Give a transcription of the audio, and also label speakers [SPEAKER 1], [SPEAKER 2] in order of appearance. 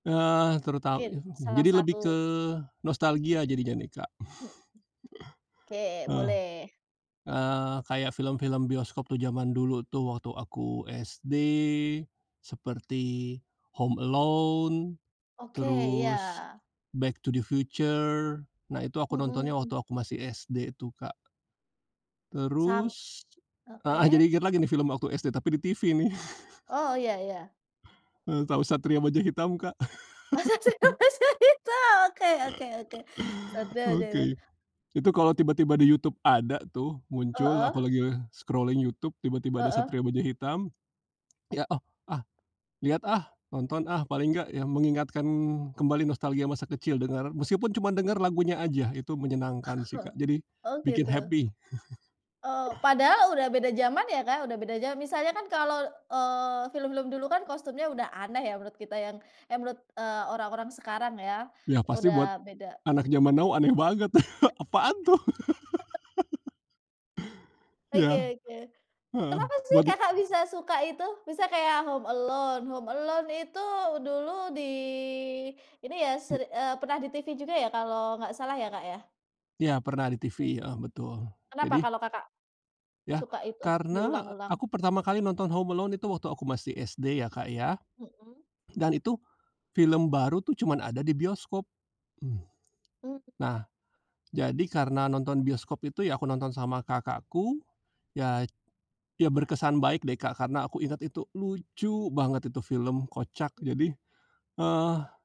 [SPEAKER 1] Eee, teruta
[SPEAKER 2] Mungkin, salah
[SPEAKER 1] jadi lebih ke
[SPEAKER 2] satu.
[SPEAKER 1] nostalgia jadinya, nih, Kak.
[SPEAKER 2] Hmm. Oke,
[SPEAKER 1] Eh,
[SPEAKER 2] boleh.
[SPEAKER 1] eee, kayak film-film bioskop tuh, jaman dulu tuh waktu aku SD seperti Home Alone,
[SPEAKER 2] Oke, iya.
[SPEAKER 1] terus Back to The Future. Nah, itu aku nontonnya waktu
[SPEAKER 2] Mhm.
[SPEAKER 1] aku masih SD tuh, Kak.
[SPEAKER 2] Sam
[SPEAKER 1] Terus heeh, jadi
[SPEAKER 2] oke.
[SPEAKER 1] inget lagi nih film waktu SD tapi di TV, nih.
[SPEAKER 2] Oh, ya ya.
[SPEAKER 1] Eee, tahu Satria Baja Hitam, Kak?
[SPEAKER 2] Oh, Satria Baja Hitam. Oke oke oke. Satria Baja Hitam.
[SPEAKER 1] Oke. Itu kalau tiba-tiba di YouTube ada tuh, muncul,
[SPEAKER 2] Heeh.
[SPEAKER 1] aku lagi scrolling YouTube tiba-tiba ada
[SPEAKER 2] Heeh.
[SPEAKER 1] Satria Baja Hitam, lihat, oh, ah, lihat, ah, nonton, ah, paling enggak yang mengingatkan kembali nostalgia masa kecil, dengar meskipun cuman denger lagunya aja. Itu menyenangkan sih, Kak. Jadi
[SPEAKER 2] Oh,
[SPEAKER 1] bikin
[SPEAKER 2] gitu.
[SPEAKER 1] happy.
[SPEAKER 2] Oh, padahal udah beda jaman ya, Kak, udah beda jaman. Misalnya kan kalau, eee, film-film dulu kan kostumnya udah aneh ya, menurut kita yang eh, menurut, eee, orang-orang sekarang ya,
[SPEAKER 1] Ya, pasti buat
[SPEAKER 2] udah beda.
[SPEAKER 1] anak jaman now aneh banget. Apaan, tuh?
[SPEAKER 2] Heeh. Oke
[SPEAKER 1] Iya.
[SPEAKER 2] oke.
[SPEAKER 1] Heeh.
[SPEAKER 2] Kenapa sih
[SPEAKER 1] Buat
[SPEAKER 2] Kakak bisa suka itu? Bisa kayak Home Alone. Home Alone itu dulu di ini ya
[SPEAKER 1] Mmm.
[SPEAKER 2] ser eee, pernah di TV juga ya, kalau nggak salah ya, Kak, ya?
[SPEAKER 1] Ya, pernah di
[SPEAKER 2] Oke.
[SPEAKER 1] TV, heeh, betul.
[SPEAKER 2] Kenapa
[SPEAKER 1] Jadi
[SPEAKER 2] kalau Kakak
[SPEAKER 1] Ya,
[SPEAKER 2] suka itu
[SPEAKER 1] karena
[SPEAKER 2] diulang-ulang?
[SPEAKER 1] aku pertama kali nonton Home Alone itu waktu aku masih SD ya, Kak, ya.
[SPEAKER 2] Mhm.
[SPEAKER 1] Dan itu film baru tuh cuman ada di bioskop. Hmm.
[SPEAKER 2] Hmm.
[SPEAKER 1] Nah, jadi karena nonton bioskop itu, ya aku nonton sama kakakku, ya. Ya, berkesan baik deh, Kak, karena aku inget itu lucu banget itu film, kocak,
[SPEAKER 2] Mmm.
[SPEAKER 1] jadi eh